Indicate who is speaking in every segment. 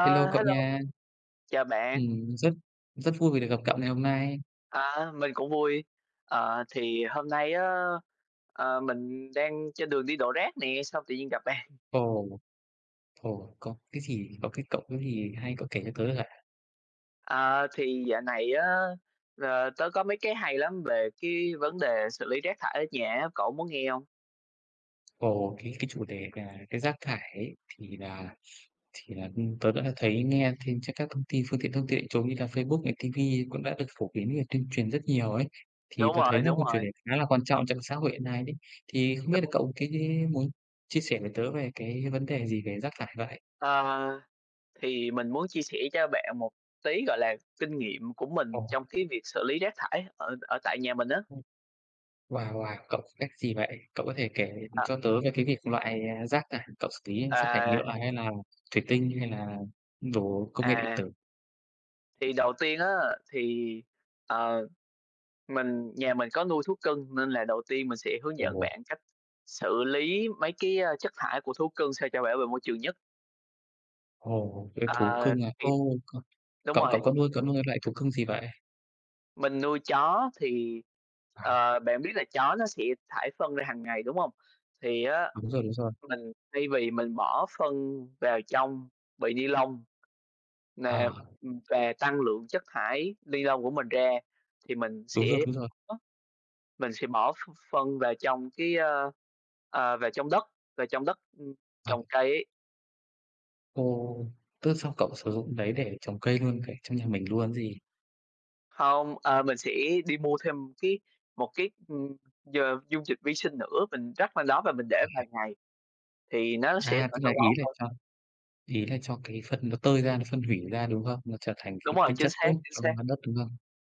Speaker 1: Hello cậu
Speaker 2: hello!
Speaker 1: nha!
Speaker 2: Chào bạn!
Speaker 1: Ừm, rất rất vui vì được gặp cậu ngày hôm nay!
Speaker 2: À, mình cũng vui. Ờ, thì hôm nay á, ờ, mình đang trên đường đi đổ rác nè, xong tự nhiên gặp bạn.
Speaker 1: Ồ. Ồ, có cái gì có cái cậu cái gì hay cậu kể cho tớ ạ!
Speaker 2: Ờ, thì dạo này á, ờ, tớ có mấy cái hay lắm về cái vấn đề xử lý rác thải ở nhà á, cậu muốn nghe hông?
Speaker 1: Ồ, cái cái chủ đề nà cái rác thải ấy thì nà thì nà, ừm, tớ đã thấy nghe thêm trên các thông tin phương tiện thông tin đại chúng như là Facebook này, ti vi cũng đã được phổ biến về tuyên truyền rất nhiều ấy, thì
Speaker 2: Đúng
Speaker 1: tớ
Speaker 2: rồi,
Speaker 1: thấy nà
Speaker 2: đúng
Speaker 1: câu chủ đề
Speaker 2: rồi.
Speaker 1: này khá là quan trọng trong xã hội hiện nay đấy. Thì không biết là
Speaker 2: Đúng.
Speaker 1: cậu cái muốn chia sẻ với tớ về cái vấn đề gì về rác thải vậy?
Speaker 2: Ờ. Thì mình muốn chia sẻ cho bạn một tí, gọi là, kinh nghiệm của mình
Speaker 1: Ồ.
Speaker 2: trong cái việc xử lý rác thải ở ở tại nhà mình á.
Speaker 1: Ừm. Wow, wow! Cậu có cách gì vậy? Cậu có thể kể
Speaker 2: Ờ.
Speaker 1: cho tớ về cái việc loại rác thải cậu xử lý ấy, rác thải
Speaker 2: À.
Speaker 1: nhựa hay là thủy tinh hay là đồ công nghệ điện
Speaker 2: À.
Speaker 1: tử?
Speaker 2: Thì đầu tiên á, thì, ờ, mình nhà mình có nuôi thú cưng nên là đầu tiên mình sẽ hướng dẫn
Speaker 1: Ồ.
Speaker 2: bạn cách xử lý mấy cái, ơ, chất thải của thú cưng sao cho bảo vệ môi trường nhất.
Speaker 1: Ồ, nuôi thú
Speaker 2: Ờ,
Speaker 1: cưng à?
Speaker 2: thì
Speaker 1: Ồ,
Speaker 2: đúng
Speaker 1: cậu cậu
Speaker 2: rồi.
Speaker 1: cậu cậu nuôi cậu nuôi loại thú cưng gì vậy?
Speaker 2: Mình nuôi chó thì,
Speaker 1: À.
Speaker 2: ờ, bạn biết là chó nó sẽ thải phân ra hàng ngày, đúng hông? Thì á,
Speaker 1: Đúng rồi, đúng rồi.
Speaker 2: mình thay vì mình bỏ phân vào trong bì ni lông nà,
Speaker 1: Ờ.
Speaker 2: ừm, và tăng lượng chất thải ni lông của mình ra, thì mình
Speaker 1: Đúng rồi,
Speaker 2: sẽ
Speaker 1: đúng rồi.
Speaker 2: ó, mình sẽ bỏ ph phân vào trong cái, ơ, ờ, vào trong đất, vào trong đất, ưm,
Speaker 1: Ờ.
Speaker 2: trồng cây ấy.
Speaker 1: Ồ! Tức xong cậu sử dụng đấy để trồng cây luôn vậy trong nhà mình luôn gì?
Speaker 2: Hông, ờ, mình sẽ đi mua thêm cái một cái, ừm, d dung dịch vi sinh nữa, mình rắc lên đó và mình để vài
Speaker 1: À.
Speaker 2: ngày, thì nó sẽ
Speaker 1: À, tức
Speaker 2: thành
Speaker 1: là
Speaker 2: phân
Speaker 1: ý
Speaker 2: bón
Speaker 1: là
Speaker 2: thôi.
Speaker 1: cho ý là cho cái phân nó tơi ra, nó phân hủy ra, đúng không? Nó trở thành
Speaker 2: Đúng
Speaker 1: cái
Speaker 2: rồi,
Speaker 1: tinh
Speaker 2: chính
Speaker 1: chất
Speaker 2: xác,
Speaker 1: tốt
Speaker 2: chính
Speaker 1: cho,
Speaker 2: xác.
Speaker 1: ơ, đất, đúng không?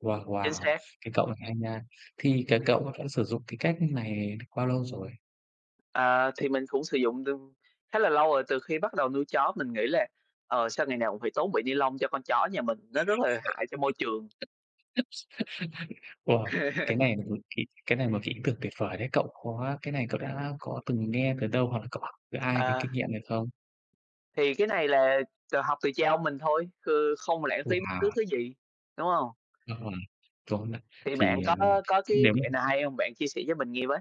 Speaker 1: Wow,
Speaker 2: Chính
Speaker 1: wow,
Speaker 2: xác.
Speaker 1: cái cậu này hay nha. Thì cái cậu v vẫn sử dụng cái cách như này bao lâu rồi?
Speaker 2: À, thì mình cũng sử dụng tương khá là lâu rồi. Từ khi bắt đầu nuôi chó mình nghĩ là, ờ, sao ngày nào cũng phải tốn bị ni lông cho con chó nhà mình, nó rất là hại cho môi trường.
Speaker 1: Ủa, cái này mà, ừ, kỹ cái này một kỹ thuật tuyệt vời đấy cậu, có cái này cậu đã có từng nghe từ đâu hoặc là cậu học từ ai cái
Speaker 2: À.
Speaker 1: kinh nghiệm này không?
Speaker 2: Thì cái này là tự học từ cha ông mình thôi, ừ, không lãng phí bất cứ
Speaker 1: Wow!
Speaker 2: thứ gì, đúng hông?
Speaker 1: Ờm, tốt đó,
Speaker 2: Thì bạn
Speaker 1: thì, ờ,
Speaker 2: có có cái
Speaker 1: nếu mà
Speaker 2: mẹo nào hay hông? Bạn chia sẻ với mình nghe với.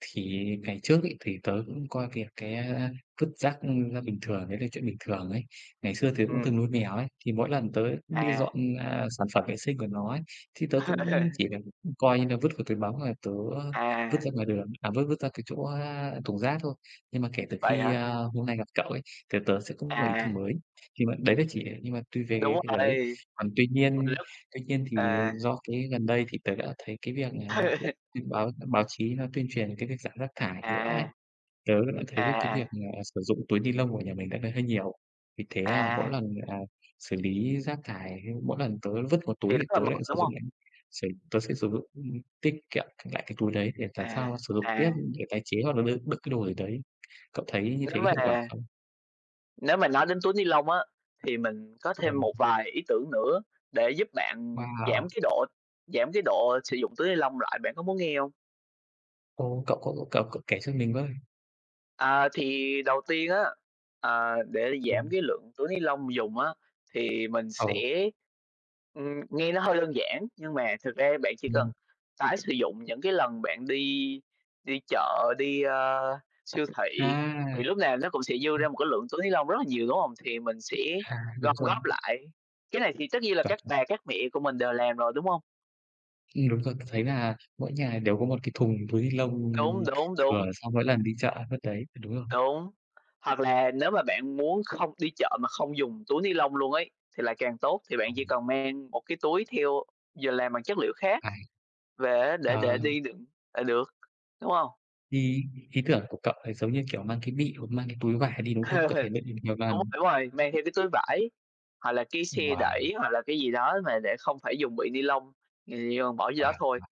Speaker 1: Thì ngày trước ấy, thì tớ cũng coi cái cái, ơ, vứt rác, ừ, là bình thường, đấy là chuyện bình thường ấy. Ngày xưa tớ cũng
Speaker 2: Ừm.
Speaker 1: từng nuôi mèo ấy, thì mỗi lần tớ đi
Speaker 2: À.
Speaker 1: dọn, à, sản phẩm vệ sinh của nó ấy, thì tớ cũng, ừm, chỉ việc, ư, coi như là vứt vào túi bóng rồi tớ, ơ, vứt
Speaker 2: À.
Speaker 1: ra ngoài đường, à, vứt vứt ra cái chỗ, a, thùng rác thôi. Nhưng mà kể từ
Speaker 2: Vậy
Speaker 1: khi,
Speaker 2: hả?
Speaker 1: a, hôm nay gặp cậu ấy, thì tớ sẽ có một ý tưởng
Speaker 2: À.
Speaker 1: mới. Nhưng mà đấy là chỉ để nhưng mà tùy
Speaker 2: Đúng
Speaker 1: về cái giờ đấy.
Speaker 2: rồi,
Speaker 1: Còn tuy
Speaker 2: còn tuỳ
Speaker 1: nhiên
Speaker 2: lúc.
Speaker 1: tuy nhiên thì, ờ,
Speaker 2: À.
Speaker 1: do cái gần đây thì tớ đã thấy cái việc là thì báo báo chí nó tuyên truyền cái việc giảm rác thải nhựa ấy.
Speaker 2: À.
Speaker 1: Tớ đã thấy
Speaker 2: À,
Speaker 1: được cái việc
Speaker 2: à.
Speaker 1: là sử dụng túi ni lông của nhà mình đợt này hơi nhiều. Vì thế, à, mỗi
Speaker 2: À.
Speaker 1: lần, à, xử lý rác thải, mỗi lần tớ vứt vào túi
Speaker 2: Thì
Speaker 1: thì
Speaker 2: rất là
Speaker 1: tớ
Speaker 2: mệt,
Speaker 1: lại sử
Speaker 2: đúng
Speaker 1: dụng
Speaker 2: hông?
Speaker 1: lại sẽ tớ sẽ sử dụng, ừ, tiết kiệm lại cái túi đấy, để làm sao
Speaker 2: À,
Speaker 1: nó sử dụng tiếp
Speaker 2: à.
Speaker 1: để tái chế hoặc là đựng đựng cái đồ gì đấy. Cậu thấy như thế
Speaker 2: Nếu mà
Speaker 1: hiệu quả không?
Speaker 2: nếu mà nói đến túi ni lông á, thì mình có
Speaker 1: Ờm.
Speaker 2: thêm một vài ý tưởng nữa để giúp bạn giảm
Speaker 1: Wow!
Speaker 2: cái độ giảm cái độ sử dụng túi ni lông lại, bạn có muốn nghe hông?
Speaker 1: Ồ! Cậu có cậu có kể cho mình với.
Speaker 2: À, thì đầu tiên á, ờ, để giảm
Speaker 1: Ừm.
Speaker 2: cái lượng túi ni lông dùng á, thì mình
Speaker 1: Ồ.
Speaker 2: sẽ ừm, nghe nó hơi đơn giản nhưng mà thực ra bạn chỉ cần
Speaker 1: Ừm.
Speaker 2: tái sử dụng những cái lần bạn đi đi chợ, đi, ơ, siêu thị.
Speaker 1: À,
Speaker 2: Thì lúc nào nó cũng sẽ dư
Speaker 1: à.
Speaker 2: ra một cái lượng túi ni lông rất là nhiều, đúng hông? Thì mình sẽ
Speaker 1: À, đúng
Speaker 2: gom
Speaker 1: rồi.
Speaker 2: góp lại. Cái này thì tất nhiên là
Speaker 1: Chuẩn.
Speaker 2: các bà, các mẹ của mình đều làm rồi, đúng hông?
Speaker 1: Ừm, đúng rồi, tớ thấy là mỗi nhà đều có một cái thùng túi ni lông
Speaker 2: Đúng, đúng,
Speaker 1: thừa
Speaker 2: đúng.
Speaker 1: sau mỗi lần đi chợ vất đấy, đúng không?
Speaker 2: Đúng. Hoặc là nếu mà bạn muốn không đi chợ mà không dùng túi ni lông luôn ấy thì lại càng tốt, thì bạn chỉ
Speaker 1: Ờm.
Speaker 2: cần mang một cái túi theo, vừa làm bằng chất liệu khác
Speaker 1: À,
Speaker 2: về á, để để
Speaker 1: ờ.
Speaker 2: đi đựng là được, đúng hông?
Speaker 1: Ý ý tưởng của cậu thì giống như, kiểu, mang cái bị hoặc mang cái túi vải đi, đúng không? Có thể đựng được nhiều
Speaker 2: Đúng
Speaker 1: lần.
Speaker 2: đúng rồi, mang theo cái túi vải, hoặc là cái xe
Speaker 1: Wow!
Speaker 2: đẩy, hoặc là cái gì đó mà để không phải dùng bị ni lông, ừm, ng ta dồn bỏ vô
Speaker 1: Wow!
Speaker 2: đó thôi.
Speaker 1: Wow.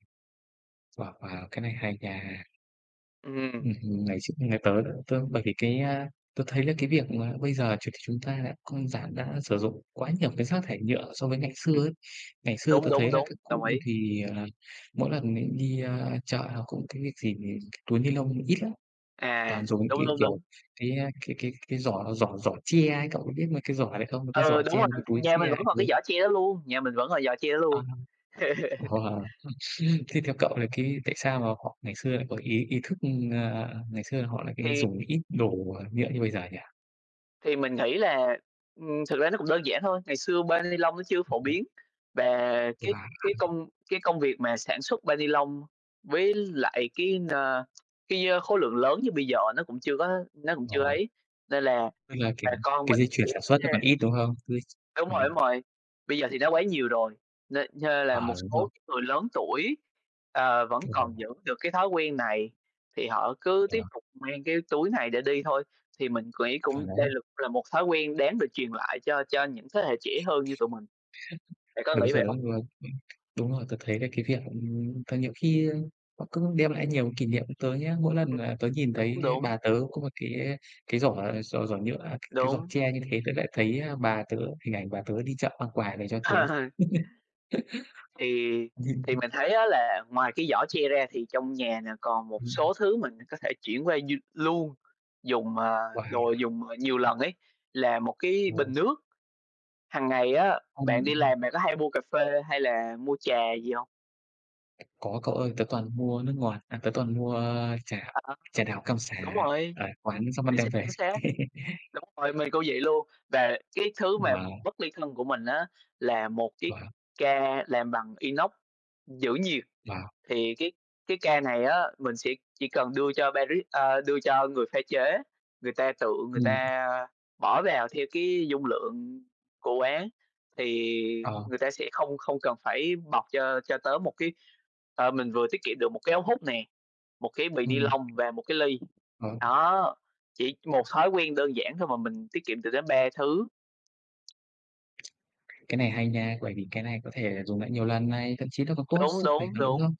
Speaker 1: Wow! Wow! Cái này hay nha.
Speaker 2: Ừm.
Speaker 1: Ừm hứm, ngày x nhà tớ đó tớ bởi vì cái, a tớ thấy là cái việc mà bây giờ chuyện chúng ta đã không giảm đã sử dụng quá nhiều cái rác thải nhựa so với ngày xưa
Speaker 2: Ừm.
Speaker 1: ấy. Ngày xưa
Speaker 2: Đúng,
Speaker 1: tớ
Speaker 2: đúng,
Speaker 1: thấy là
Speaker 2: đúng,
Speaker 1: các cụ
Speaker 2: đồng
Speaker 1: như
Speaker 2: ý.
Speaker 1: thì, à, mỗi lần mình đi, a, chợ nào cũng cái việc gì túi ni lông ít lắm,
Speaker 2: À,
Speaker 1: toàn dùng những
Speaker 2: đúng,
Speaker 1: cái,
Speaker 2: đúng,
Speaker 1: kiểu,
Speaker 2: đúng.
Speaker 1: cái, a, cái cái cái giỏ giỏ giỏ tre ấy, cậu có biết mấy cái giỏ đấy không? Mấy cái
Speaker 2: Ừ,
Speaker 1: giỏ
Speaker 2: đúng
Speaker 1: tre
Speaker 2: rồi,
Speaker 1: mấy cái túi
Speaker 2: nhà
Speaker 1: tre
Speaker 2: mình vẫn
Speaker 1: ấy,
Speaker 2: còn
Speaker 1: đấy.
Speaker 2: cái giỏ tre đó luôn nhà mình vẫn còn giỏ tre đó
Speaker 1: À.
Speaker 2: luôn.
Speaker 1: Wow! Thế theo cậu thì cái tại sao mà họ ngày xưa lại có ý ý thức, ừm, ng ngày xưa là họ lại cái
Speaker 2: Thì
Speaker 1: dùng ít đồ, ờ, nhựa như bây giờ nhỉ?
Speaker 2: Thì mình nghĩ là, ừm, thực ra nó cũng đơn giản thôi. Ngày xưa bao ni lông nó chưa phổ biến, và cái
Speaker 1: Wow!
Speaker 2: cái công cái công việc mà sản xuất bao ni lông với lại cái, à, cái, ơ, khối lượng lớn như bây giờ nó cũng chưa có nó cũng chưa
Speaker 1: Ồ.
Speaker 2: ấy, nên là
Speaker 1: Tức là, kiểu,
Speaker 2: bà con
Speaker 1: cái
Speaker 2: mình
Speaker 1: dây
Speaker 2: sẽ
Speaker 1: chuyền sản xuất nó còn
Speaker 2: nh
Speaker 1: ít, đúng không? Cứ
Speaker 2: Đúng rồi,
Speaker 1: ừm.
Speaker 2: đúng rồi. Bây giờ thì nó quá nhiều rồi, nên nên là một
Speaker 1: Ờ, đúng
Speaker 2: số
Speaker 1: rồi.
Speaker 2: những người lớn tuổi, ờ, vẫn còn
Speaker 1: Hiểu.
Speaker 2: giữ được cái thói quen này thì họ cứ tiếp
Speaker 1: Ờ.
Speaker 2: tục mang cái túi này để đi thôi. Thì mình quỹ
Speaker 1: Chuẩn
Speaker 2: cũng đây
Speaker 1: đấy.
Speaker 2: là là một thói quen đáng được truyền lại cho cho những thế hệ trẻ hơn như tụi mình. Bạn có
Speaker 1: Ưm, đúng
Speaker 2: nghĩ
Speaker 1: giờ
Speaker 2: vậy
Speaker 1: giấc
Speaker 2: hông?
Speaker 1: luôn. Đúng rồi tớ thấy cái cái việc ừm, tại nhiều khi, ơ, họ cứ đem lại nhiều kỷ niệm tớ nhá, mỗi lần
Speaker 2: Ừm,
Speaker 1: mà tớ nhìn thấy,
Speaker 2: đúng,
Speaker 1: a,
Speaker 2: đúng.
Speaker 1: bà tớ có một cái cái giỏ giỏ giỏ nhựa, cái giỏ
Speaker 2: Đúng.
Speaker 1: tre như thế tớ lại thấy, a, bà tớ, hình ảnh bà tớ đi chợ mang quà để cho tớ.
Speaker 2: Thì thì
Speaker 1: Ừm.
Speaker 2: mình thấy á, là ngoài cái giỏ tre ra thì trong nhà nè còn một
Speaker 1: Ừm.
Speaker 2: số thứ mình có thể chuyển qua như luôn dùng, ờ, đồ
Speaker 1: Wow!
Speaker 2: dùng, ờ, nhiều lần ấy, là một cái
Speaker 1: Ừ.
Speaker 2: bình nước. Hằng ngày á,
Speaker 1: Ừm,
Speaker 2: bạn đi làm
Speaker 1: ừm.
Speaker 2: bạn có hay mua cà phê hay là mua trà gì hông?
Speaker 1: Có cậu ơi, tớ toàn mua nước ngọt à, tớ toàn mua trà
Speaker 2: À,
Speaker 1: trà đào cam
Speaker 2: đúng
Speaker 1: sả
Speaker 2: rồi,
Speaker 1: ở quán xong mang
Speaker 2: chính
Speaker 1: đem
Speaker 2: xác,
Speaker 1: về.
Speaker 2: chính xác. Đúng rồi, mình cũng vậy luôn. Và cái thứ mà
Speaker 1: Wow.
Speaker 2: bất ly thân của mình á là một cái
Speaker 1: Wow.
Speaker 2: ca làm bằng inox giữ nhiệt.
Speaker 1: Wow.
Speaker 2: Thì cái cái ca này á mình sẽ chỉ cần đưa cho đưa cho baris a, đưa cho người pha chế, người ta tự người
Speaker 1: Ừm.
Speaker 2: ta bỏ vào theo cái dung lượng của quán, thì
Speaker 1: Ờ.
Speaker 2: người ta sẽ không không cần phải bọc cho cho tớ một cái ờ, mình vừa tiết kiệm được một cái ống hút nè, một cái bì ni
Speaker 1: Ừm.
Speaker 2: lông và một cái ly.
Speaker 1: Ờ.
Speaker 2: Đó, chỉ một thói quen đơn giản thôi mà mình tiết kiệm được đến 3 thứ.
Speaker 1: Cái này hay nha, bởi vì cái này có thể là dùng lại nhiều lần này, thậm chí nó còn tốt
Speaker 2: Đúng,
Speaker 1: sức khỏe
Speaker 2: đúng,
Speaker 1: nữa, đúng
Speaker 2: đúng.
Speaker 1: không?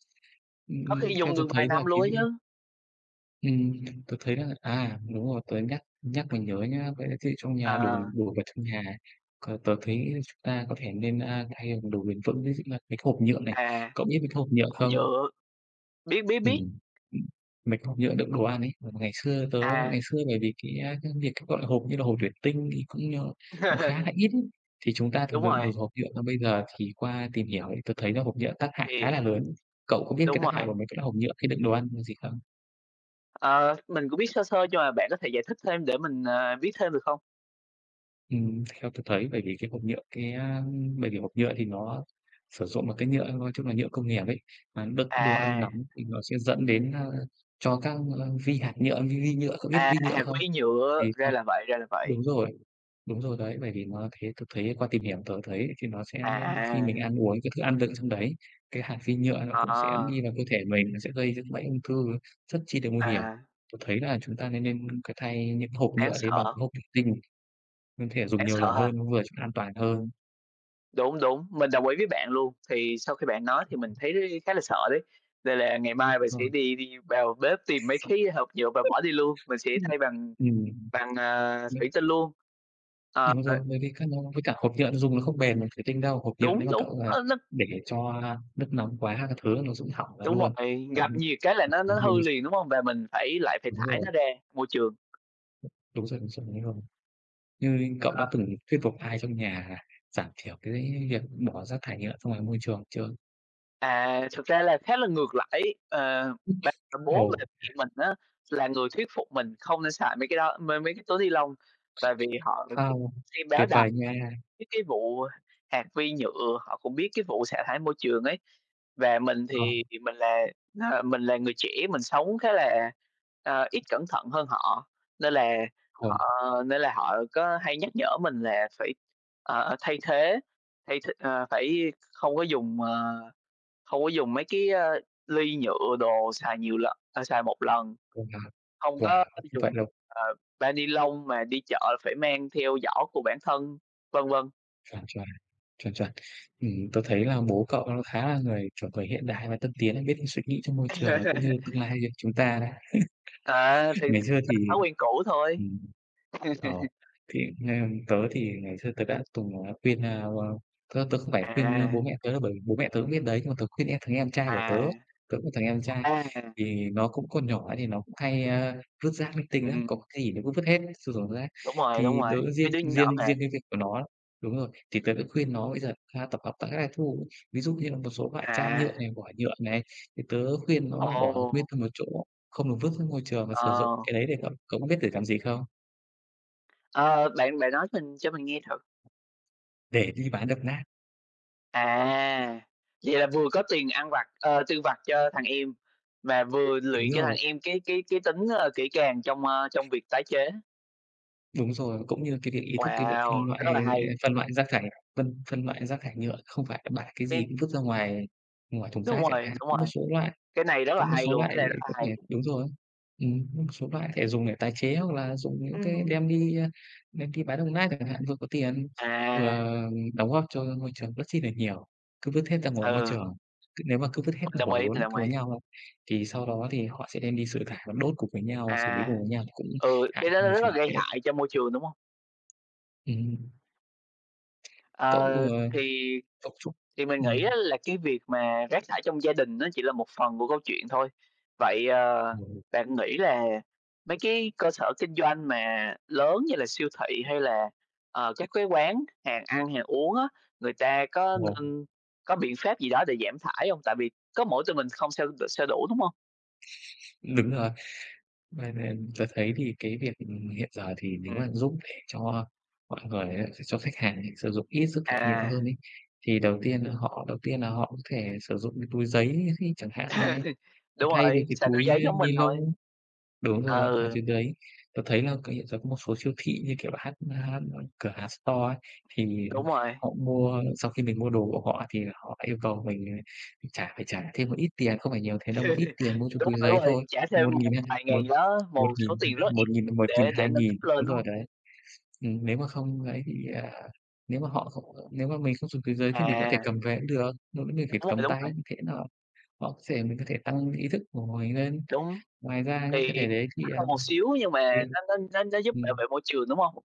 Speaker 1: Ừm,
Speaker 2: Có
Speaker 1: ừm,
Speaker 2: khi
Speaker 1: theo
Speaker 2: dùng
Speaker 1: tớ
Speaker 2: được vài
Speaker 1: thấy là
Speaker 2: năm luôn
Speaker 1: cái
Speaker 2: ấy chứ.
Speaker 1: ừm, tớ thấy là à, đúng rồi, tớ nhắc nhắc mới nhớ nhá, có lẽ thiết bị trong nhà đồ
Speaker 2: À.
Speaker 1: đồ vật trong nhà có tớ thấy chúng ta có thể nên, a, thay bằng đồ bền vững, ví dụ là cái hộp nhựa này.
Speaker 2: À.
Speaker 1: Cậu biết mấy cái hộp nhựa
Speaker 2: Bằng
Speaker 1: không?
Speaker 2: nhựa. Biết, biết, biết!
Speaker 1: Ừm. Mấy cái hộp nhựa đựng đồ ăn ấy. Ngày xưa tớ ngày
Speaker 2: À.
Speaker 1: xưa bởi vì cái cái việc, gọi là, hộp như là hộp thuỷ tinh thì cũng như nó khá là ít, thì chúng ta thường
Speaker 2: Đúng
Speaker 1: đựng đồ
Speaker 2: rồi.
Speaker 1: hộp nhựa. Còn bây giờ thì qua tìm hiểu thì tớ thấy là hộp nhựa tác hại khá
Speaker 2: Thì
Speaker 1: là lớn. Cậu có biết cái
Speaker 2: Đúng
Speaker 1: tác hại
Speaker 2: rồi.
Speaker 1: của mấy cái hộp nhựa khi đựng đồ ăn là gì không?
Speaker 2: Ờ, mình cũng biết sơ sơ nhưng mà bạn có thể giải thích thêm để mình, à, biết thêm được không?
Speaker 1: Ừm, theo tớ thấy bởi vì cái hộp nhựa cái, a, ưm, bởi vì hộp nhựa thì nó sử dụng một cái nhựa, nói chung là nhựa công nghiệp ấy, mà đựng đồ ăn
Speaker 2: À.
Speaker 1: nóng thì nó sẽ dẫn đến a, cho các, ơ, vi hạt nhựa, vi vi nhựa, cậu biết
Speaker 2: À,
Speaker 1: vi nhựa
Speaker 2: hạt
Speaker 1: không?
Speaker 2: vi
Speaker 1: Thì
Speaker 2: nhựa, ra
Speaker 1: trong
Speaker 2: là vậy, ra là vậy.
Speaker 1: đúng rồi, đúng rồi đấy, bởi vì nó thế tớ thấy qua tìm hiểu tớ thấy thì nó sẽ nhé, khi mình
Speaker 2: À.
Speaker 1: ăn uống các thức ăn đựng trong đấy, cái hạt vi nhựa nó cũng sẽ
Speaker 2: Ờ.
Speaker 1: đi vào cơ thể mình, nó sẽ gây ra cái bệnh ung thư rất chi là nguy hiểm.
Speaker 2: À.
Speaker 1: Tớ thấy là chúng ta nên nên c thay những cái hộp
Speaker 2: Đáng
Speaker 1: nhựa đấy bằng
Speaker 2: sợ.
Speaker 1: hộp thuỷ tinh, mình thể dùng
Speaker 2: Đáng
Speaker 1: nhiều
Speaker 2: sợ
Speaker 1: lần
Speaker 2: ha.
Speaker 1: hơn, nó vừa trông an toàn hơn.
Speaker 2: Đúng, đúng, mình đồng ý với bạn luôn. Thì sau khi bạn nói thì mình
Speaker 1: [unintelligible]
Speaker 2: thấy khá là sợ đấy, nên là ngày mai mình
Speaker 1: Đúng
Speaker 2: sẽ
Speaker 1: rồi.
Speaker 2: đi đi vào bếp tìm mấy cái hộp nhựa và bỏ đi luôn, mình sẽ
Speaker 1: Ưm,
Speaker 2: thay bằng
Speaker 1: ừm.
Speaker 2: bằng, ờ,
Speaker 1: Nâu
Speaker 2: thủy tinh luôn. Ờ,
Speaker 1: Đúng
Speaker 2: ơ
Speaker 1: rồi, bởi vì cái no với cả hộp nhựa thì dùng nó không bền bằng thuỷ tinh đâu, hộp nhựa
Speaker 2: Đúng,
Speaker 1: nếu mà
Speaker 2: đúng,
Speaker 1: cậu, à,
Speaker 2: ơ, la
Speaker 1: để cho, a, nước nóng quá các thứ nó sẽ bị hỏng ra
Speaker 2: Đúng
Speaker 1: luôn
Speaker 2: rồi, gặp nhiệt cái là nó nó
Speaker 1: [unintelligible]
Speaker 2: hư liền, đúng
Speaker 1: logic.
Speaker 2: hông? Và mình phải lại phải
Speaker 1: Đúng
Speaker 2: thải
Speaker 1: rồi.
Speaker 2: nó ra môi trường.
Speaker 1: Đúng rồi, đúng rồi, nó s nhanh hơn. Tuy nhiên, cậu
Speaker 2: Ờ.
Speaker 1: đã từng thuyết phục ai trong nhà giảm thiểu cái việc bỏ rác thải nhựa ra ngoài môi trường chưa?
Speaker 2: À, thực ra là khá là ngược lại ấy, ờ, bà, bố và
Speaker 1: Ồ!
Speaker 2: mẹ mình á là người thuyết phục mình không nên xài mấy cái đó, m mấy cái túi ni lông, tại vì họ cũng
Speaker 1: Wow.
Speaker 2: xem báo
Speaker 1: Tuyệt
Speaker 2: đài
Speaker 1: vời nha!
Speaker 2: mấy cái vụ hạt vi nhựa, họ cũng biết cái vụ xả thải môi trường ấy. Và mình
Speaker 1: Không.
Speaker 2: thì thì mình là là mình là người trẻ, mình sống khá là, ờ, ít cẩn thận hơn họ. Nên là
Speaker 1: Ồ.
Speaker 2: họ nên là họ có hay nhắc nhở mình là phải, ờ, thay thế thay th ờ, phải không có dùng, ờ, không có dùng mấy cái, a, ly nhựa, đồ xài nhiều lần ờ, xài một lần,
Speaker 1: [unintelligible]
Speaker 2: không
Speaker 1: Wow.
Speaker 2: có
Speaker 1: Vậy
Speaker 2: dùng,
Speaker 1: luôn.
Speaker 2: ờ, bao ni lông, mà đi chợ phải mang theo giỏ của bản thân, vân vân.
Speaker 1: Chuẩn, chuẩn. Chuẩn, chuẩn. Ừm, tớ thấy là bố cậu khá là người, kiểu, người hiện đại và tân tiến ấy, biết suy nghĩ cho môi trường là cũng như tương lai cho chúng ta đấy.
Speaker 2: À, thì
Speaker 1: Ngày xưa thì
Speaker 2: [unintelligible] thói quen cũ thôi.
Speaker 1: ừm, ồ, thì ng tớ thì ngày xưa tớ đã từng, ờ, khuyên, ơ, ơ, tớ tớ không phải khuyên, ơ,
Speaker 2: À.
Speaker 1: bố mẹ tớ đâu, bởi vì bố mẹ tớ cũng biết đấy, nhưng mà tớ khuyên em thằng em trai của tớ,
Speaker 2: À,
Speaker 1: tớ có thằng em trai,
Speaker 2: à. À.
Speaker 1: thì nó cũng còn nhỏ thì nó cũng hay, a, vứt rác linh tinh lắm, có
Speaker 2: Ừm.
Speaker 1: cái gì nó cũng vứt hết, cho sọt rác
Speaker 2: Đúng rồi, đúng
Speaker 1: thì
Speaker 2: rồi,
Speaker 1: tớ
Speaker 2: mấy
Speaker 1: riêng
Speaker 2: đứa nhỏ
Speaker 1: riêng
Speaker 2: mà.
Speaker 1: riêng cái việc của nó đúng rồi, thì tớ đã khuyên nó bây giờ ha tập hợp tại các lãi thu. Ví dụ như là một số loại chai nhựa
Speaker 2: À.
Speaker 1: này, vỏ nhựa này, thì tớ khuyên nó là bỏ nguyên
Speaker 2: Ồ!
Speaker 1: ra một chỗ, không được vứt ra môi trường và sử dụng
Speaker 2: Ờ.
Speaker 1: cái đấy để cậu cậu có biết để làm gì không?
Speaker 2: Ờ, bạn bạn nói mình cho mình nghe thử.
Speaker 1: Để đi bán đồng nát.
Speaker 2: À! Vậy là vừa có tiền ăn vặt, ờ, tiêu vặt cho thằng em và vừa
Speaker 1: Đúng
Speaker 2: luyện cho thằng
Speaker 1: rồi.
Speaker 2: em cái cái cái tính, ơ, kỹ càng trong, ơ, trong việc tái chế.
Speaker 1: Đúng rồi, cũng như cái việc ý thức cái việc phân
Speaker 2: Wow,
Speaker 1: loại,
Speaker 2: rất
Speaker 1: ơ,
Speaker 2: là hay!
Speaker 1: phân loại rác thải, phân phân loại rác thải nhựa không phải là bạ cái gì
Speaker 2: [unintelligible]
Speaker 1: cũng vứt ra ngoài ngoài thùng
Speaker 2: Đúng
Speaker 1: rác chẳng
Speaker 2: rồi,
Speaker 1: hạn.
Speaker 2: đúng
Speaker 1: Có một
Speaker 2: rồi.
Speaker 1: số loại
Speaker 2: Cái này rất
Speaker 1: có
Speaker 2: là
Speaker 1: một
Speaker 2: hay
Speaker 1: số
Speaker 2: luôn,
Speaker 1: loại,
Speaker 2: cái này rất
Speaker 1: đúng
Speaker 2: là
Speaker 1: không nhỉ?
Speaker 2: hay!
Speaker 1: Đúng rồi. Ừm, có một số loại thể dùng để tài chế, hoặc là dùng những
Speaker 2: Ừm
Speaker 1: cái
Speaker 2: hừm.
Speaker 1: đem đi, ơ, đem đi bán đồng nát chẳng hạn, vừa có tiền,
Speaker 2: À.
Speaker 1: vừa đóng góp cho môi trường rất chi nà nhiều. Cứ vứt hết ra ngoài môi
Speaker 2: Ừ.
Speaker 1: trường, cứ nếu mà cứ vứt hết
Speaker 2: Mình đồng
Speaker 1: hổ
Speaker 2: ý,
Speaker 1: lốn
Speaker 2: mình đồng
Speaker 1: cùng với
Speaker 2: ý.
Speaker 1: nhau, thì sau đó thì họ sẽ đem đi xử thải và đốt cùng với nhau, xử lý
Speaker 2: À.
Speaker 1: cùng với nhau cũng
Speaker 2: Ừ,
Speaker 1: hại
Speaker 2: cái đó
Speaker 1: cho
Speaker 2: nó
Speaker 1: môi
Speaker 2: rất là
Speaker 1: trường
Speaker 2: gây
Speaker 1: phết.
Speaker 2: hại cho môi trường, đúng hông?
Speaker 1: Ừm.
Speaker 2: Ờ,
Speaker 1: Cậu, ờ,
Speaker 2: thì
Speaker 1: cậu chúc
Speaker 2: thì mình nghĩ
Speaker 1: ừm.
Speaker 2: á là cái việc mà rác thải trong gia đình nó chỉ là một phần của câu chuyện thôi. Vậy, ờ,
Speaker 1: Ừ.
Speaker 2: bạn nghĩ là mấy cái cơ sở kinh doanh mà lớn như là siêu thị, hay là, ờ, các cái quán hàng ăn hàng uống á, người ta có
Speaker 1: Ồ.
Speaker 2: nên có biện pháp gì đó để giảm thải hông? Tại vì có mỗi tụi mình không sao sao đủ, đúng hông?
Speaker 1: Đúng rồi, thế nên tớ thấy thì cái việc, ừm, hiện giờ thì nếu
Speaker 2: Ừm.
Speaker 1: mà giúp cho mọi người á, s cho khách hàng này sử dụng ít rác thải nhựa
Speaker 2: À!
Speaker 1: hơn ấy, thì đầu tiên là họ đầu tiên là họ có thể sử dụng cái túi giấy thi chẳng hạn này, à,
Speaker 2: Đúng
Speaker 1: thay vì
Speaker 2: rồi,
Speaker 1: cái
Speaker 2: xài túi
Speaker 1: túi
Speaker 2: giấy giống
Speaker 1: ni
Speaker 2: mình thôi.
Speaker 1: lông. Đúng rồi, à,
Speaker 2: Ừ.
Speaker 1: chính cái đấy, tớ thấy là cái hiện giờ có một số siêu thị như kiểu là hát hát, ơ, cửa hàng, store, thì
Speaker 2: Đúng rồi.
Speaker 1: họ mua sau khi mình mua đồ của họ thì là họ yêu cầu mình trả phải trả thêm một ít tiền, không phải nhiều thế đâu, một ít tiền mua cho
Speaker 2: Đúng
Speaker 1: túi
Speaker 2: rồi,
Speaker 1: giấy
Speaker 2: đúng rồi,
Speaker 1: thôi,
Speaker 2: trả thêm
Speaker 1: một
Speaker 2: một
Speaker 1: nghìn hai,
Speaker 2: vài ngàn
Speaker 1: một
Speaker 2: gì đó,
Speaker 1: một
Speaker 2: một số
Speaker 1: nghìn, ừm,
Speaker 2: tiền rất là ít
Speaker 1: một nghìn một nghìn,
Speaker 2: để để
Speaker 1: hai
Speaker 2: nâng cấp
Speaker 1: nghìn,
Speaker 2: lên,
Speaker 1: đúng
Speaker 2: đúng hông?
Speaker 1: rồi đấy. Ừm, nếu mà không lấy thì, à, nếu mà họ không nếu mà mình không dùng túi giấy thì mình có thể
Speaker 2: À!
Speaker 1: cầm về cũng được, mà vấn đề
Speaker 2: Đúng
Speaker 1: phải
Speaker 2: rồi,
Speaker 1: cầm
Speaker 2: đúng
Speaker 1: tay
Speaker 2: rồi.
Speaker 1: như thế nó họ sẽ mình có thể tăng ý thức của mình lên.
Speaker 2: Đúng.
Speaker 1: Ngoài ra những cái
Speaker 2: Thì
Speaker 1: thể đấy thì,
Speaker 2: mắc hơn một
Speaker 1: ờm,
Speaker 2: xíu nhưng mà
Speaker 1: thì
Speaker 2: nó nó nó nó giúp bảo
Speaker 1: ừm.
Speaker 2: vệ môi trường, đúng hông?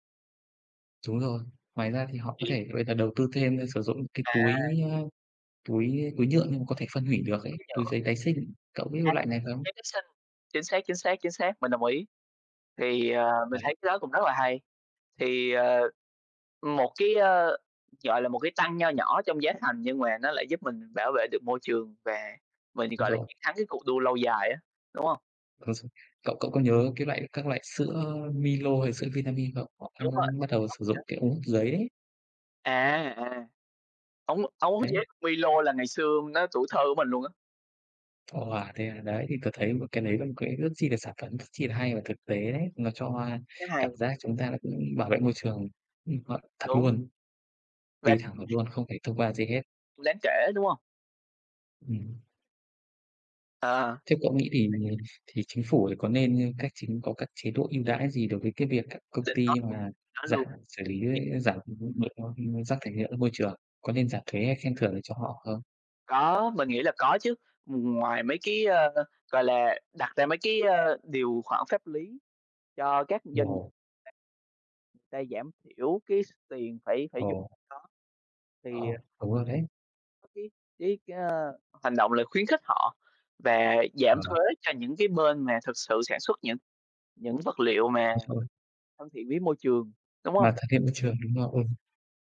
Speaker 1: Đúng rồi. Ngoài ra thì họ có
Speaker 2: Thì
Speaker 1: thể bây giờ đầu tư thêm, a, sử dụng cái túi,
Speaker 2: À!
Speaker 1: a, túi túi nhựa nhưng mà có thể phân hủy được ấy,
Speaker 2: Túi
Speaker 1: túi
Speaker 2: nhựa.
Speaker 1: giấy tái sinh, cậu biết
Speaker 2: À,
Speaker 1: cái loại này
Speaker 2: [unintelligible]
Speaker 1: không?
Speaker 2: giấy tái sinh. Chính xác, chính xác, chính xác, mình đồng ý. Thì,
Speaker 1: Ờ,
Speaker 2: ờ, mình
Speaker 1: đấy.
Speaker 2: thấy cái đó cũng rất là hay. Thì, ờ, ừm, một cái, ơ, gọi là, một cái tăng nho nhỏ trong giá thành nhưng mà nó lại giúp mình bảo vệ được môi trường và mình,
Speaker 1: Đúng
Speaker 2: gọi là,
Speaker 1: rồi.
Speaker 2: chiến thắng cái cuộc đua lâu dài á, đúng hông?
Speaker 1: Hồi x cậu cậu có nhớ cái loại, các loại sữa Milo hay sữa Vinamilk không? Họ
Speaker 2: Đúng
Speaker 1: cũng
Speaker 2: vậy,
Speaker 1: cũng bắt
Speaker 2: mình
Speaker 1: đầu
Speaker 2: công
Speaker 1: sử dụng
Speaker 2: nhận.
Speaker 1: cái ống hút giấy đấy.
Speaker 2: À, à, ống ống hút
Speaker 1: Đấy.
Speaker 2: giấy Milo là ngày xưa nó tuổi thơ của mình luôn á.
Speaker 1: Wow, thế à, đấy, thì tớ thấy một cái đấy là một cái rất chi là sản phẩm rất chi là hay và thực tế đấy, nó cho, a,
Speaker 2: Cái
Speaker 1: cảm
Speaker 2: này
Speaker 1: giác chúng ta đã cũng bảo vệ môi trường. Ừm, ờ, thật
Speaker 2: Đúng.
Speaker 1: luôn,
Speaker 2: Và
Speaker 1: đi thẳng được luôn, không phải thông qua gì hết.
Speaker 2: Đáng kể, đúng không?
Speaker 1: Ừm
Speaker 2: À.
Speaker 1: Theo cậu nghĩ thì thì Chính phủ thì có nên, ơ, cách chính có các chế độ ưu đãi gì đối với cái việc các công
Speaker 2: Định nói
Speaker 1: ty
Speaker 2: luôn,
Speaker 1: mà
Speaker 2: nói
Speaker 1: giảm,
Speaker 2: luôn.
Speaker 1: xử lý
Speaker 2: [unintelligible]
Speaker 1: giảm, ừm, được, ơ, ưm, rác thải nhựa ra môi trường? Có nên giảm thuế hay khen thưởng gì cho họ không?
Speaker 2: Có, mình nghĩ là có chứ, ừm, ngoài mấy cái, ơ, gọi là, đặt ra mấy cái, ơ, điều khoản pháp lý cho các doanh
Speaker 1: Rồi.
Speaker 2: ta, ta giảm thiểu cái s tiền phải phải dùng
Speaker 1: Ồ.
Speaker 2: đó, thì, ờ
Speaker 1: Ồ, đúng rồi đấy!
Speaker 2: cái cái cái, ơ, hành động là khuyến khích họ và giảm
Speaker 1: Ờ.
Speaker 2: thuế cho những cái bên mà thực sự sản xuất những những vật liệu mà
Speaker 1: Ôi trời ơi!
Speaker 2: thân thiện với môi trường, đúng hông?
Speaker 1: Mà thân thiện môi trường, đúng rồi, ừm.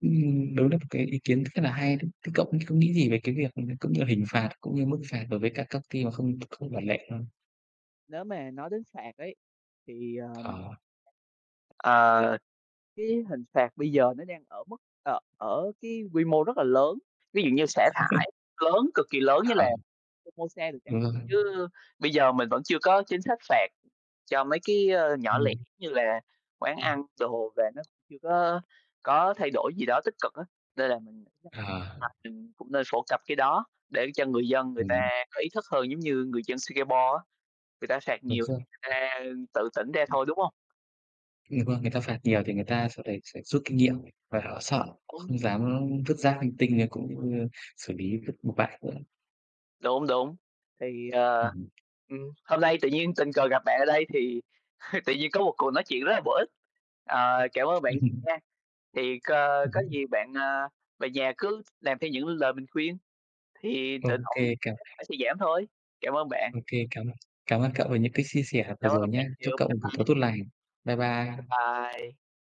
Speaker 1: Ừm, đúng là một cái ý kiến rất là hay đấy. Thế cậu có nghĩ có nghĩ gì về cái việc, ừm, cũng như hình phạt, cũng như mức phạt đối với các các ty mà không không ngoại lệ không?
Speaker 2: Nếu mà nói đến phạt ấy, thì, ờm
Speaker 1: Ờ.
Speaker 2: ờ, cái hình phạt bây giờ nó đang ở mức ờ, ở cái quy mô rất là lớn, ví dụ như xả thải lớn cực kỳ lớn như
Speaker 1: Ờ.
Speaker 2: là Fomosa đi chẳng
Speaker 1: Đúng rồi.
Speaker 2: hạn. Chứ bây giờ mình vẫn chưa có chính sách phạt cho mấy cái, ơ, nhỏ
Speaker 1: Đúng
Speaker 2: lẻ
Speaker 1: rồi.
Speaker 2: như là quán ăn đồ và nó chưa có có thay đổi gì đó tích cực á, nên là mình nhất
Speaker 1: Ờ.
Speaker 2: là mình cũng nên phổ cập cái đó để cho người dân người ta
Speaker 1: Ừm.
Speaker 2: có ý thức hơn. Giống như người dân Singapore á, người ta phạt
Speaker 1: Đúng
Speaker 2: nhiều
Speaker 1: rồi.
Speaker 2: thì người ta tự tỉnh ra thôi, đúng hông?
Speaker 1: Đúng không? Người ta phạt nhiều thì người ta sẽ phải sẽ rút kinh nghiệm và họ sợ, họ
Speaker 2: Đúng.
Speaker 1: không dám vứt rác linh tinh như cũng như xử lý vứt bừa bãi nữa.
Speaker 2: Đúng, đúng. Thì,
Speaker 1: Ừ
Speaker 2: ờ,
Speaker 1: hừm.
Speaker 2: ừm, hôm nay tự nhiên tình cờ gặp bạn ở đây thì tự nhiên có một cuộc nói chuyện rất là bổ ích. Ờ, cảm ơn bạn nhiều nha! Thì c
Speaker 1: Ừ
Speaker 2: có
Speaker 1: hứ.
Speaker 2: gì bạn, a, về nhà cứ làm theo những lời mình khuyên thì
Speaker 1: Ô
Speaker 2: tự động
Speaker 1: kê, cảm
Speaker 2: chất thải sẽ giảm thôi. Cảm ơn bạn.
Speaker 1: Ô kê, cảm ơn cảm ơn cậu về những cái chia sẻ vừa
Speaker 2: Cảm
Speaker 1: rồi
Speaker 2: ơn
Speaker 1: nhá.
Speaker 2: bạn
Speaker 1: Chúc
Speaker 2: nhiều,
Speaker 1: cậu một
Speaker 2: bye
Speaker 1: buổi
Speaker 2: bye!
Speaker 1: tối tốt lành! Bye
Speaker 2: Bye
Speaker 1: bye.
Speaker 2: bye!